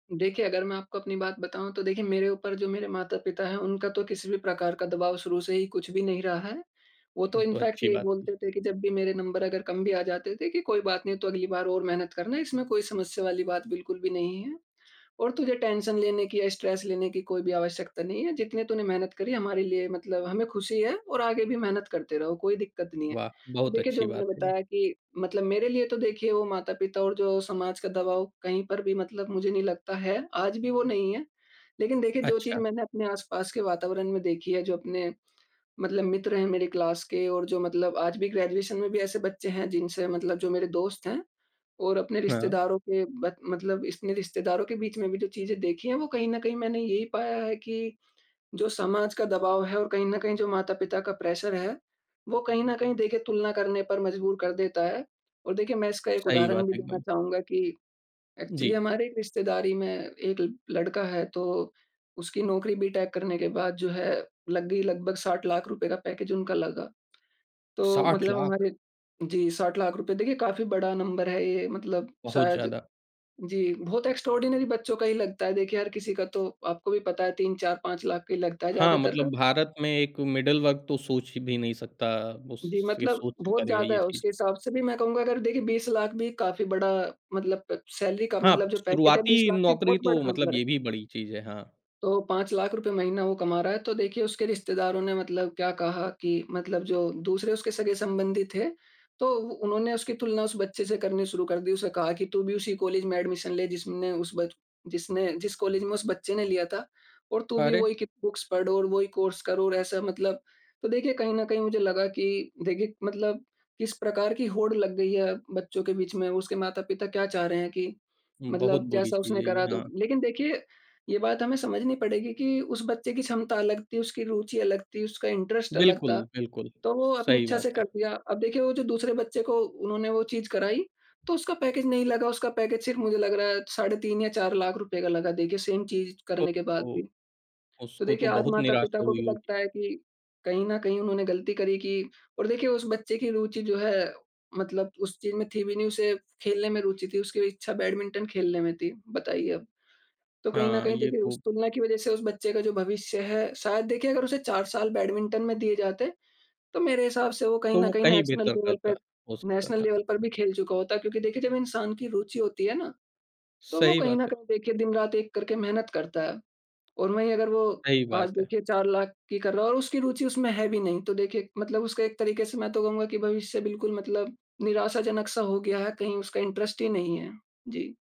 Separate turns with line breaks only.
देखिए, अगर मैं आपको अपनी बात बताऊँ तो देखिए मेरे ऊपर जो मेरे माता-पिता हैं, उनका तो किसी भी प्रकार का दबाव शुरू से ही कुछ भी नहीं रहा है। वो तो
ये तो
इनफैक्ट
अच्छी
ये
बात की।
बोलते थे कि जब भी मेरे नंबर अगर कम भी आ जाते थे, कि कोई बात नहीं तू अगली बार और मेहनत करना इसमें कोई समस्या वाली बात बिल्कुल भी नहीं है और तुझे टेंशन लेने की या स्ट्रेस लेने की कोई भी आवश्यकता नहीं है, जितने तूने मेहनत करी हमारे लिए मतलब हमें खुशी है और आगे भी मेहनत करते रहो कोई दिक्कत नहीं है।
वाह!
तो
बहुत
देखिए जो
अच्छी
मैंने
बात है, ये।
बताया कि, मतलब मेरे लिए तो देखिए वो माता-पिता और जो समाज का दबाव कहीं पर भी मतलब मुझे नहीं लगता है, आज भी वो नहीं है। लेकिन देखिए जो चीज़
अच्छा।
मैंने अपने आस-पास के वातावरण में देखी है, जो अपने मतलब मित्र हैं मेरी क्लास के और जो मतलब आज भी ग्रेजुएशन में भी ऐसे बच्चे हैं जिनसे मतलब जो मेरे दोस्त हैं और अपने
हाँ।
रिश्तेदारों के ब मतलब इसने रिश्तेदारों के बीच में भी जो चीज़ें देखी है वो कहीं न कहीं मैंने यही पाया है कि, जो समाज का दबाव है और कहीं न कहीं जो माता-पिता का प्रेशर है, वो कहीं न कहीं देखे तुलना करने पर मजबूर कर देता है। और देखिए मैं इसका एक
सही
उदाहरण
बात
भी देना
एकदम।
चाहूँगा कि एक्चुअली
जी।
हमारे रिश्तेदारी में 1 लड़का है तो उसकी नौकरी बीटेक करने के बाद जो है लग गई, लगभग ₹60 लाख रुपए का पैकेज उनका लगा, तो
60
मतलब
लाख।
हमारे जी, ₹60 लाख रुपए देखिए काफ़ी बड़ा नंबर है ये मतलब
बहुत
शायद
ज़्यादा।
जी, बहुत एक्सट्राऑर्डिनरी बच्चों का ही लगता है देखिए हर किसी का तो आपको भी पता है 3-4-5 लाख का ही लगता है
हाँ,
ज़्यादातर का।
मतलब भारत में एक मिडल वर्ग तो सोच भी नहीं सकता
जी,
उसके
मतलब
सोच से
बहुत
परे है
ज़्यादा
ये
है,
चीज़।
उसके हिसाब से भी मैं कहूँगा अगर देखिए 20 लाख भी काफ़ी बड़ा मतलब अ, सैलरी का
हाँ,
मतलब जो पैकेज है 20
शुरुआती
लाख भी
नौकरी
बहुत बड़ा
तो
नंबर
मतलब
है।
ये भी बड़ी चीज़ है। हाँ।
तो ₹5 लाख रुपए महीना वो कमा रहा है तो देखिए, उसके रिश्तेदारों ने मतलब क्या कहा कि मतलब जो दूसरे उसके सगे-संबंधी थे, तो उ उन्होंने उसकी तुलना उस बच्चे से करनी शुरू कर दी, उसे कहा कि, "तू भी उसी कॉलेज में एडमिशन ले, जिसने उस बच जिसने जिस कॉलेज में उस बच्चे ने लिया था और तू भी
अरे!
वही कि बुक्स पढ़ और वही कोर्स कर और ऐसा।" मतलब, तो देखिए कहीं न कहीं मुझे लगा कि देखिए मतलब किस प्रकार की होड़ लग गई है बच्चों के बीच में, उसके माता-पिता क्या चाह रहे हैं कि,
बहुत
मतलब
बुरी
जैसा
चीज़
उसने
है ये,
करा तो
हाँ।
लेकिन देखिए, ये बात हमें समझनी पड़ेगी कि उस बच्चे की क्षमता अलग थी, उसकी रुचि अलग थी, उसका इंटरेस्ट अलग
बिल्कुल,
था,
बिल्कुल।
तो वो
स
अपनी
सही
इच्छा से
बात है।
कर दिया। अब देखिए वो जो दूसरे बच्चे को उन्होंने वो चीज कराई तो उसका पैकेज नहीं लगा, उसका पैकेज सिर्फ मुझे लग रहा है साढ़े ₹3 या ₹4 लाख रुपए का लगा देखिए सेम चीज
ओह
करने के बाद
हो!
भी। तो
उसको तो
देखिए आज
बहुत
माता-पिता
निराशा
को
हुई
भी
होगी।
लगता है कि कहीं न कहीं उन्होंने गलती करी कि और देखिए उस बच्चे की रुचि जो है, मतलब उस चीज़ में थी भी नहीं उसे खेलने में रुचि थी, उसकी इच्छा बैडमिंटन खेलने में थी, बताइए अब। तो कहीं न
हाँ,
कहीं
ये
देखिए उस
तो
तुलना की वज़ह से उस बच्चे का जो भविष्य है शायद देखिए, अगर उसे 4 साल बैडमिंटन में दिए जाते, तो मेरे हिसाब से वो कहीं
तो
न
वो
कहीं
कहीं
नेशनल
बेहतर
लेवल पे
करता, हो सकता
नेशनल
था।
लेवल पर भी खेल चुका होता, क्योंकि देखिए जब इंसान की रुचि होती है ना, तो वो
सही
कहीं
बात
न
है।
कहीं देखिए दिन-रात एक करके मेहनत करता है। और वही अगर वो
सही
आज
बात है।
देखिए 4 लाख की कर रहा है और उसकी रुचि उसमें है भी नहीं, तो देखिए मतलब उसका एक तरीके से मैं तो कहूँगा कि भविष्य बिल्कुल मतलब निराशाजनक-सा हो गया है कहीं उसका इंटरेस्ट ही नहीं है। जी।